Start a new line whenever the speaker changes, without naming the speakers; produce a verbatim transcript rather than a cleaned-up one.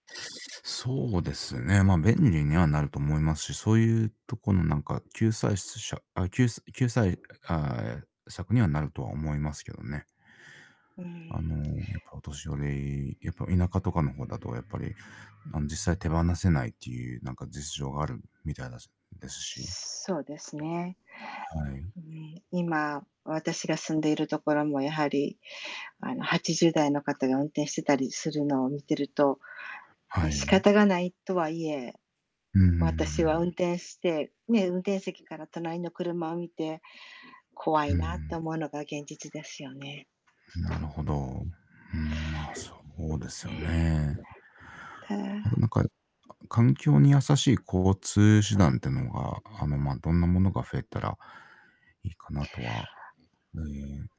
そうですね、まあ、便利にはなると思いますし、そういうとこのなんか救済しつしゃ、あ、きゅうす救済ああ、え、策にはなるとは思いますけどね。
うー
あの、
ん。
やっぱお年寄り、やっぱ田舎とかの方だとやっぱり、あの、実際手放せないっていうなんか実情があるみたいだすですし。
すそうですね。
はい。
うーん、今私が住んでいるところもやはり、あの、はちじゅうだいの方が運転してたりするのを見てると、
は
ね、仕
い。
方がないとはいえ、
うんうんうんう
私は運
ん。
転して、ね、運転席から隣の車を見て、怖
う
いなって
ん。
思うのが現実ですよね。
なるほど。うーん、まあ、そうですよ
ね。
ね。
た。
あとなんか、かん環境に優しい交通手段ってのが、あの、まあ、どんなものが増えたらいいかなとは。ええ。